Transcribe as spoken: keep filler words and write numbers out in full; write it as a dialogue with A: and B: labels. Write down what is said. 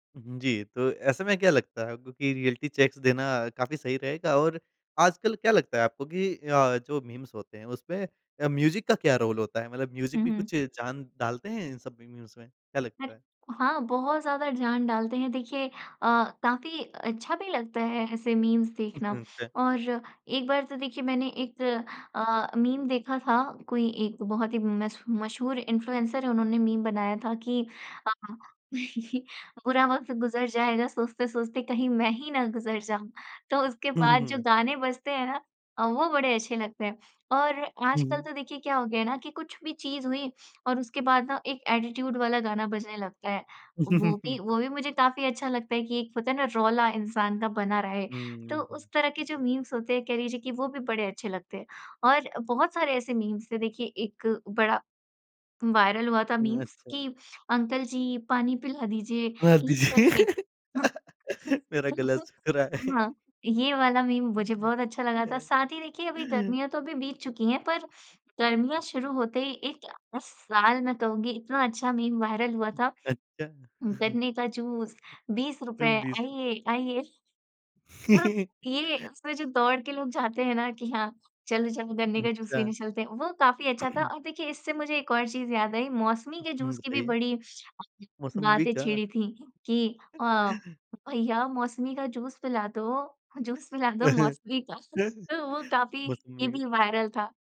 A: हुँ जी, तो ऐसे में क्या लगता है, क्योंकि रिऐलिटी चेक्स देना काफ़ी सही रहेगा और आजकल क्या लगता है आपको कि अ, जो मीम्स होते हैं, उसमें अ, म्यूज़िक का क्या रोल होता है? मतलब
B: हुँ,
A: म्यूज़िक भी
B: हुँ।
A: कुछ जान डालते हैं इन सब मीम्स में? क्या
B: हट।
A: लगता है?
B: हाँ, बहुत ज़्यादा जान डालते हैं, देखिए अ, काफ़ी अच्छा भी लगता है ऐसे मीम्स
A: उ,
B: देखना।
A: हुँ, अच्छा।
B: और एक बार तो देखिए, मैंने एक अ, मीम देखा था, कोई एक बहुत ही मश मशहूर इन्फ्लुएंसर है, उन्होंने मीम बनाया था कि अ, "बुरा वक़्त गुज़र जाएगा, सोचते-सोचते कहीं मैं ही ना गुज़र जाऊँ।" तो उसके
A: हुँ,
B: बाद जो
A: हुँ। अच्छा।
B: गाने बजते हैं ना अ, वो बड़े अच्छे लगते हैं। और
A: हुँ,
B: आजकल
A: हुँ।
B: तो देखिए, क्या हो गया है ना कि कुछ भी चीज़ हुई और उसके बाद ना एक एटीट्यूड वाला गाना बजने लगता है। वो भी वो भी मुझे काफ़ी अच्छा लगता है कि एक होता है ना, रौला इंसान का बना रहे,
A: हुँ, हुँ,
B: तो
A: हुँ,
B: उस तरह के जो
A: हुँ।
B: मीम्स होते हैं, कह लीजिए कि वो भी बड़े अच्छे लगते हैं। और बहुत सारे ऐसे मीम्स थे, देखिए, एक बड़ा वायरल हुआ था मीम्स
A: अच्छा।
B: कि, "अंकल जी, पानी पिला दीजिए।"
A: हाँ,
B: ये
A: दीजिए।
B: करके। हुँ,
A: मेरा गला
B: तो
A: सूख रहा है।
B: हाँ, ये वाला मीम मुझे बहुत अच्छा लगा था। साथ ही देखिए, अभी गर्मियाँ तो अभी बीत चुकी हैं, पर गर्मियाँ शुरू होते ही एक इस साल मैं कहूँगी, इतना अच्छा मीम वायरल हुआ था,
A: अच्छा।
B: "गन्ने का जूस बीस रुपए,
A: सिर्फ़ बीस।
B: आइए, आइए।" थोड़ा ये उसमें जो दौड़ के लोग जाते हैं ना कि, "हाँ, चलो, चलो, गन्ने का जूस
A: अच्छा।
B: पीने चलते हैं।" वो काफ़ी अच्छा था और देखिए, इससे मुझे एक और चीज़ याद आई। मौसमी के
A: हुँ,
B: जूस की भी
A: बताइए।
B: बड़ी
A: मौसंबी
B: बातें
A: का।
B: छिड़ी थीं कि अ, "भैया, मौसमी का जूस पिला दो, जूस पिला दो मौसमी का।" तो वो काफ़ी, ये
A: मौसंबी का।
B: भी वायरल था।